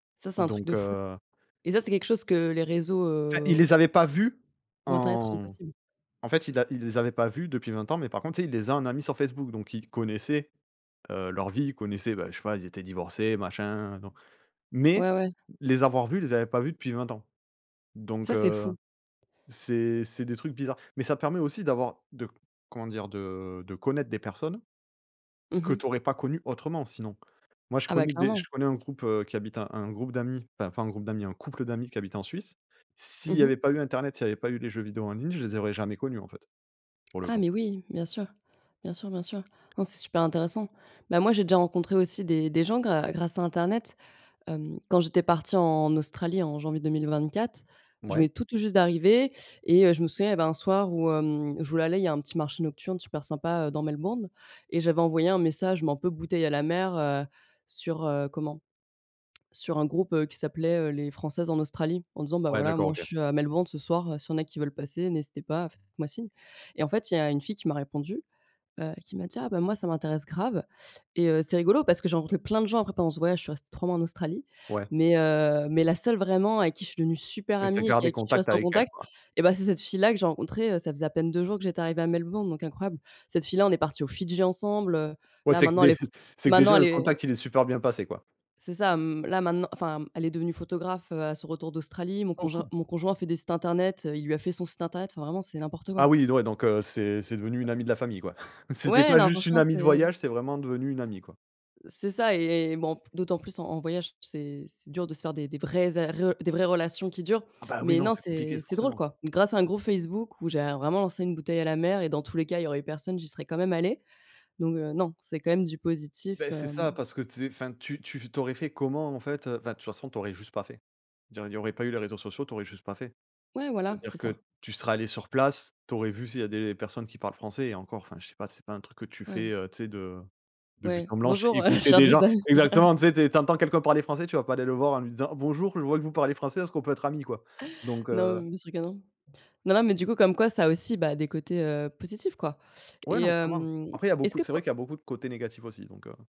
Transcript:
Ça c'est un truc Donc de fou heu et ça c'est quelque chose que les réseaux, Enfin il heu les avait pas vu ou internet rendent en possible. en fait il a il les avait pas vu depuis 20 ans mais par contre tu sais, il les a en amis sur Facebook donc il connaissait, heu, leurs vies. Il connaissait bah, je sais pas, ils étaient divorcés machin, non. Mais Ouais, ouais. les avoir vus, il les avait pas vu depuis 20 ans. Donc Ça c'est heu, fou. c'est c'est des trucs bizarres. Mais ça permet aussi d'avoir de, comment dire? De de connaître des personnes Mmh que mh. tu aurais pas connues autrement, sinon. Moi je Ah bah connais des je clairement. connais un groupe, heu, qui habite un un groupe d'amis, enfin pas un groupe d'amis, un couple d'amis, qui habitent en Suisse. S'il Mmh y avait mh. pas eu internet, s'il y avait pas eu les jeux vidéos en ligne, je les aurais jamais connus en fait, pour le Ah coup. mais oui, bien sûr, bien sûr, bien sûr. Non, c'est super intéressant. Bah moi j'ai déjà rencontré aussi des des gens grâ grâce à internet, hem, quand j'étais partie en Australie en janvier 2024, je Mouais. venais tout tout juste d'arriver et heu, je me souviens il y avait un soir où, hem, je voulais aller il y a un petit marché nocturne super sympa, heu, dans Melbourne et j'avais envoyé un message mais un peu bouteille à la mer, heu, sur heu, comment? Sur un groupe, heu, qui s'appelait, heu, les françaises en Australie. En disant: «Bah, Ouais, voilà d'accord, moi je OK. suis à Melbourne ce soir, heu, si il y en a qui veulent passer, n'hésitez pas, faites moi signe» et en fait il y a une fille qui m'a répondu, heu, qui m'a dit: «Ah bah, moi ça m'intéresse grave» et heu, c'est rigolo parce que j'ai rencontré plein de gens après pendant ce voyage, je suis restée 3 mois en Australie. Ouais. Mais heu mais la seule vraiment avec qui je suis devenue super Et tu as amie et qui gardé avec qui je suis contact restée en avec elle, contact quoi. et bah, c'est cette fille là que j'ai rencontrée, heu, ça faisait à peine 2 jours que j'étais arrivée à Melbourne, donc incroyable. Cette fille-là, on est partie aux Fidji ensemble, heu, Ouais là c'est que maintenant elle dé est f c'est que maintenant déjà elle le est contact il est super bien passé, quoi. c'est ça. M là maintenant enfin, elle est devenue photographe, heu, à son retour d'Australie. Mon Oh conjoint cool! mon conjoint fait des sites internet, heu, il lui a fait son site internet, enfin vraiment c'est n'importe quoi. Ah oui d ouais donc heu, c'est c'est devenue une amie de la famille, quoi! C'était Ouais, pas non juste une franchement amie de c'est voyage, c'est vraiment devenue une amie, quoi. c'est ça et et bon p d'autant plus en en voyage c'est c'est dur de se faire des des vraies a re des vraies relations qui durent. Ah bah, oui, Mais non non c'est compliqué, c'est c'est drôle, forcément quoi. Grâce à un groupe Facebook où j'avais vraiment lancé une bouteille à la mer et dans tous les cas il y aurait eu personne, j'y serais quand même allée. Donc heu, non, c'est quand même du Beh positif, c'est hem ça parce que tu sais enfin tu tu f tu aurais fait comment en fait, heu? Enfin de toute façon tu aurais juste pas fait. Il y aurait il y aurait pas eu les réseaux sociaux, tu aurais juste pas fait. Ouais voilà, c'est C'est-à-dire ça. que tu serais allée sur place, tu aurais vu s'il y a des personnes qui parlent français et encore, enfin je sais pas, c'est pas un truc que tu fais, Ouais. heu, tu sais de de but Ouais. en blanc, ch Bonjour, heu, je écouter cherche des gens. des amis. Exactement tu sais, tu entends quelqu'un parler français tu vas pas aller le voir en lui disant: «Bonjour je vois que vous parlez français, est-ce qu'on peut être amis quoi?» donc Non, heu mais bien sûr que non. Non, non mais du coup comme quoi ça a aussi bah, des côtés, heu, positifs, quoi Ouais, et non clairement. hem, Après il y est-ce beaucoup que c'est po vrai qu'il y a beaucoup de côtés négatifs aussi donc heu